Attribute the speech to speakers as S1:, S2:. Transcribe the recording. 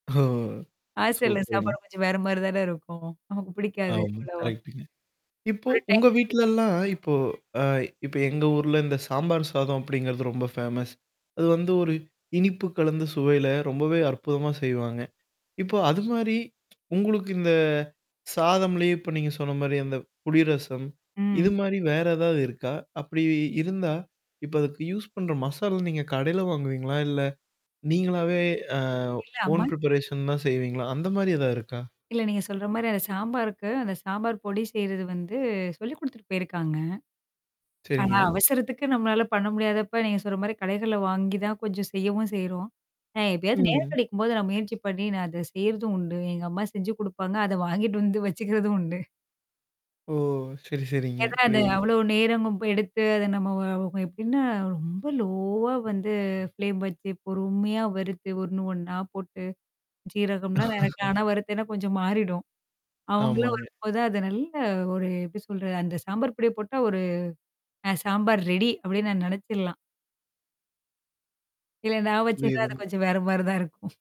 S1: ஓ!
S2: ஹாஸ்டல்ல
S1: சூப்பருங்க.
S2: சாப்பாடு கொஞ்சம் வேற மாரி தானே இருக்கும். நமக்கு பிடிக்காது
S1: ஆமா.
S2: அவ்ளோவா.
S1: கரெக்ட்டுங்க. இப்போ
S2: ஒரு டைம்
S1: உங்க
S2: டேபிள்
S1: வீட்லல்லாம் இப்போ அ இப்ப எங்க ஊர்ல இந்த சாம்பார் சாதம் அப்படிங்கிறது ரொம்ப ஃபேமஸ் அது வந்து ஒரு இனிப்பு கலந்த சுவையில ரொம்பவே அற்புதமா செய்வாங்க. இப்போ அது மாரி. உங்களுக்கு இந்த. சாதம்லயே இப்ப நீங்க சொன்ன மாரி அந்த புளி ரசம். இது
S2: ம்.
S1: மாரி வேற ஏதாவது இருக்கா? அப்படி இருந்தா? இப்ப அதுக்கு யூஸ் பண்ற மசாலா நீங்க கடையில வாங்குவீங்களா? இல்ல? நீங்களாவே அ
S2: இல்ல,
S1: ஓன்
S2: அம்மானு
S1: ப்ரிப்பரேஷன் தான் செய்வீங்களா? அந்த மாரி ஏதாவது இருக்கா?
S2: இல்ல நீங்க சொல்ற மாரி அந்த சாம்பார்க்கு. அந்த சாம்பார் பொடி செய்றது வந்து சொல்லிக் குடுத்துட்டு போயிருக்காங்க. ஆனா
S1: சரிங்க.
S2: அவசரத்துக்கு நம்மளால பண்ண முடியாதப்ப நீங்க சொல்ற மாரி கடைகள வாங்கி தான் கொஞ்சம் செய்யவும் செய்றோம். நான் எப்பயாச்சு நேரம்
S1: ம்.
S2: கிடைக்கும்போது நான் முயற்சி பண்ணி நான் அத செய்றதும் உண்டு. எங்க அம்மா செஞ்சு குடுப்பாங்க. அத வாங்கிட்டு வந்து வச்சுக்கிறதும் உண்டு.
S1: ஓ! சரி சரிங்க
S2: ஏதான் அத
S1: புரியுது.
S2: அவ்ளோ நேரமும் எடுத்து அத நம்ம [unintelligible] எப்படின்னா ரொம்ப லோவா வந்து ஃப்ளேம் வச்சு பொறுமையா வறுத்து, ஒண்ணு ஒண்ணா போட்டு. ஜீரகம்லாம் [unintelligible] ஆனா வருறுத்தன்னா கொஞ்சம் மாறிடும். அவங்களாம்
S1: ஆமாங்க.
S2: வரும்போதான் அது நல்ல ஒரு எப்படி சொல்றது அந்த சாம்பார் பொடிய போட்டா ஒரு அ சாம்பார் ரெடி அப்டின்னு நான் நினச்சர்லாம். இல்ல நான் வச்சேன்ன அது
S1: புரியுதுங்க.
S2: கொஞ்சம் வேற மாரி தான் இருக்கும்.